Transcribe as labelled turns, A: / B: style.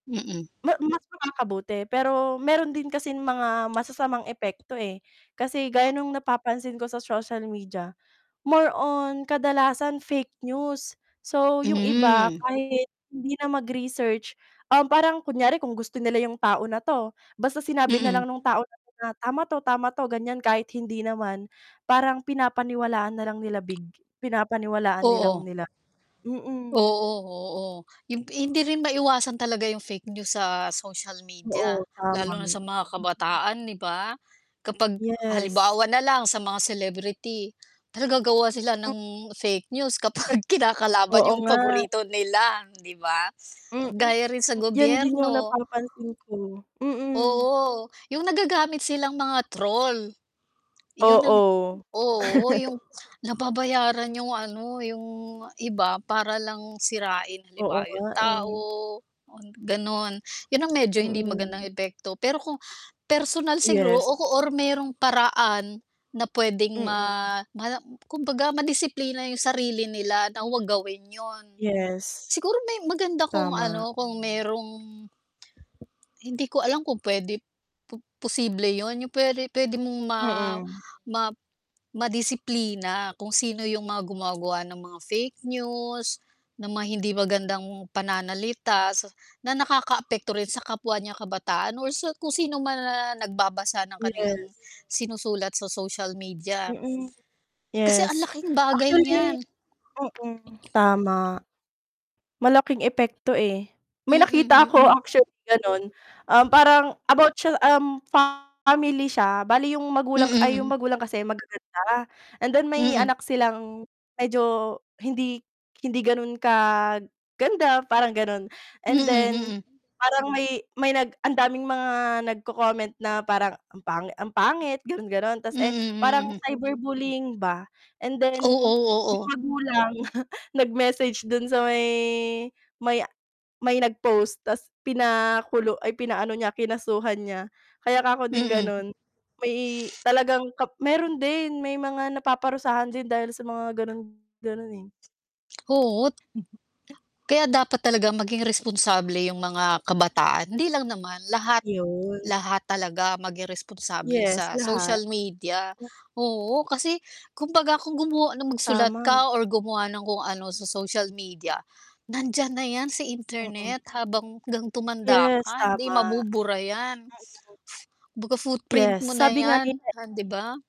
A: Mm.
B: Ma mas makakabuti. Pero, meron din kasing mga masasamang epekto, eh, kasi gaya nung napapansin ko sa social media, more on kadalasan fake news, so yung iba
A: Mhm.
B: kahit hindi na mag-research, um, parang kunyari kung gusto nila yung tao na 'to, basta sinabi
A: Mm.
B: nalang nung tao na 'to tama 'to, tama 'to ganyan kahit hindi naman, parang pinapaniwalaan nalang nila big pinapaniwalaan nalang
A: Oo.
B: nila, mm.
A: Oo, oo yung hindi rin maiwasan talaga yung fake news sa social media,
B: Oo, tama.
A: lalo na sa mga kabataan 'di ba? Kapag,
B: Yes.
A: halimbawa na lang sa mga celebrity, talaga gagawa sila ng fake news kapag kinakalaban
B: Oo
A: yung
B: nga.
A: paborito nila 'di ba?
B: Mm,
A: Gaya rin sa
B: yan din yung
A: gobyerno.
B: napapansin ko, mm.
A: Oo, yung nagagamit silang mga troll. Yun ang
B: Oo.
A: oo yung nababayaran yung ano, yung iba para lang sirain
B: Oo
A: halimbawa yung
B: nga, eh.
A: tao, ganun. Yun ang medyo hindi magandang
B: Mm.
A: epekto pero kung, personal siguro
B: Yes.
A: o or merong paraan, na pwedeng
B: Mm.
A: ma ma kumbaga ma-disiplina yung sarili nila na wag gawin yun.
B: Yes.
A: Siguro may maganda kung
B: Tama.
A: ano, kung merong hindi ko alam kung pwede, po posible yun yung pwede pwede mong ma
B: Mm.
A: ma ma-disiplina kung sino yung mga gumagawa ng mga fake news, ng mga hindi magandang pananalita, sa na nakaka-apekto rin sa kapwa niyang kabataan or sa kung sino man ang nag-babasa ng
B: Yes.
A: kanilang sinusulat sa social media.
B: Mm,
A: Kasi ang
B: yes,
A: laking bagay
B: actually
A: niyan.
B: mm, tama. Malaking epekto eh. May
A: Mm,
B: nakita ako
A: mm.
B: actually ganon, um, parang about siya, um, family siya bale yung magulang ay yung
A: Mm.
B: magulang kasi magaganda, and then may
A: Mm.
B: anak silang medyo hindi hindi ganun kaganda parang ganon.
A: Mm,
B: And then,
A: mhm.
B: parang may may nag ang daming mga nagko,-comment na parang ang pangit ang pangit ganon-ganon tas eh, parang
A: Mm, mm.
B: cyber bullying ba. And then,
A: Oo,
B: yung
A: oo.
B: magulang nag-message dun sa may may may nag-post tas pina kulu ay pinaano niya kinasuhan niya. Kaya 'kako din
A: Mm.
B: ganon, may talagang kap meron din, may mga napaparusahan din dahil sa mga ganon-ganon, eh.
A: Oo. Kaya dapat talaga maging responsable yung mga kabataan, hindi lang naman lahat.
B: Yun.
A: Lahat talaga maging responsable
B: Yes,
A: sa
B: lahat.
A: social media, oo kasi kumbaga kung gumawa ng magsulat
B: Tama.
A: ka or gumawa ng kung ano sa social media, nandiyan na yan sa
B: Mm.
A: internet habang 'gang tumanda
B: Yes,
A: ka, hindi
B: tama.
A: mabubura yan.
B: Mm.
A: Kumbaga footprint
B: Yes,
A: mo na
B: sabi nga
A: yan,
B: nila
A: di ba?